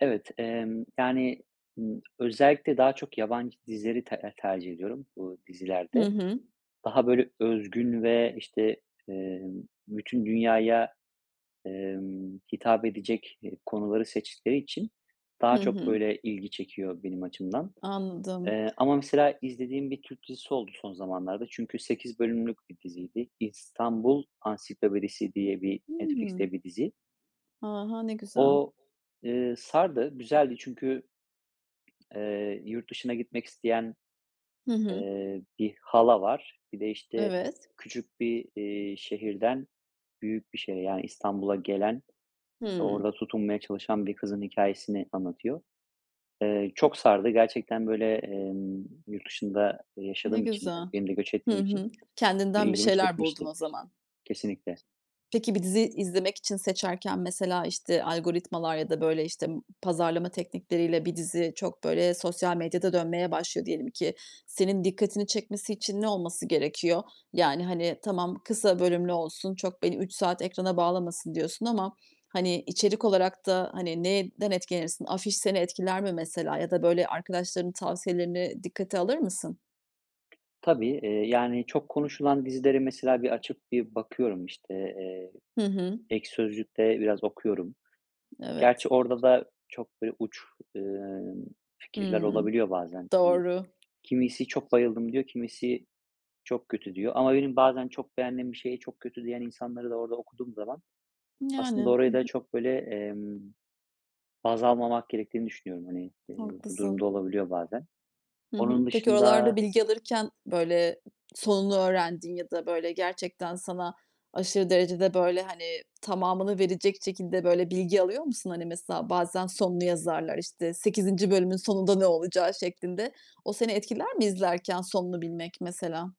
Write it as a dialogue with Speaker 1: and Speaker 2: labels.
Speaker 1: Evet, emm, yani, ımm, özellikle daha çok yabancı dizileri ter eee, tercih ediyorum bu
Speaker 2: Hı
Speaker 1: dizilerde.
Speaker 2: hı.
Speaker 1: Daha, böyle, özgün ve, işte, emm, bütün dünyaya, emm, hitap edecek, eee, konuları seçtikleri için
Speaker 2: Hı
Speaker 1: daha çok,
Speaker 2: hı.
Speaker 1: böyle, ilgi çekiyor benim açımdan.
Speaker 2: Anladım.
Speaker 1: Eee, ama mesela izlediğim bir Türk dizisi oldu son zamanlarda. Çünkü 8 bölümlük bir diziydi. "İstanbul Ansiklopedisi" diye bir
Speaker 2: Hıı.
Speaker 1: Netflix'te bir dizi.
Speaker 2: A! Ha, ne güzel.
Speaker 1: O, eee, sardı, güzeldi çünkü, eee, yurt dışına gitmek isteyen,
Speaker 2: Hı hı.
Speaker 1: eee, bir hala var. Bir de, işte,
Speaker 2: Evet.
Speaker 1: küçük bir, iii, şehirden büyük bir şehre, yani İstanbul'a gelen ve
Speaker 2: Hıı.
Speaker 1: orada tutunmaya çalışan bir kızın hikâyesini anlatıyor. Eee, çok sardı gerçekten, böyle, emm, yurt dışında
Speaker 2: Ne
Speaker 1: yaşadığım için,
Speaker 2: güzel.
Speaker 1: yani benim de göç
Speaker 2: Hı
Speaker 1: ettiğim için
Speaker 2: hı. Kendinden bir
Speaker 1: ilgimi
Speaker 2: şeyler buldun
Speaker 1: çekmişti.
Speaker 2: o zaman.
Speaker 1: Kesinlikle.
Speaker 2: Peki bir dizi izlemek için seçerken, mesela, işte, algoritmalar ya da, böyle, işte, ı pazarlama teknikleriyle bir dizi çok, böyle, sosyal medyada dönmeye başlıyor diyelim ki. Senin dikkatini çekmesi için ne olması gerekiyor? Yani, hani, tamam, "Kısa bölümlü olsun, çok beni 3 saat ekrana bağlamasın diyorsun." ama, hani, içerik olarak da hani neyinden etkilenirsin? Afiş seni etkiler mi mesela? Ya da, böyle, arkadaşlarının tavsiyelerini dikkate alır mısın?
Speaker 1: Tabii, eee, yani çok konuşulan dizileri mesela bir açıp bir bakıyorum. İşte, eee,
Speaker 2: Hı hı.
Speaker 1: Ekşi Sözlük'te biraz okuyorum. Gerçi
Speaker 2: Evet.
Speaker 1: orada da çok, böyle, uç, ımm, fikirler
Speaker 2: Hıı,
Speaker 1: olabiliyor bazen. Hani,
Speaker 2: doğru.
Speaker 1: kimisi "Çok bayıldım" diyor, kimisi, "Çok kötü" diyor. Ama benim bazen çok beğendiğim bir şeye çok kötü diyen insanları da orada okuduğum zaman aslında
Speaker 2: Yani. Hı
Speaker 1: orayı da
Speaker 2: hı.
Speaker 1: çok böyle, emm, baz almamak gerektiğini düşünüyorum. Hani, eee, bu durum da
Speaker 2: Haklısın.
Speaker 1: olabiliyor bazen.
Speaker 2: Hı hı.
Speaker 1: Onun
Speaker 2: Peki oralarda
Speaker 1: dışında
Speaker 2: bilgi alırken, böyle, sonunu öğrendiğin ya da, böyle, gerçekten sana aşırı derecede, böyle, hani, tamamını verecek şekilde, böyle, bilgi alıyor musun? Hani mesela bazen sonunu yazarlar, işte, 8. bölümün sonunda ne olacağı şeklinde. O seni etkiler mi izlerken sonunu bilmek mesela?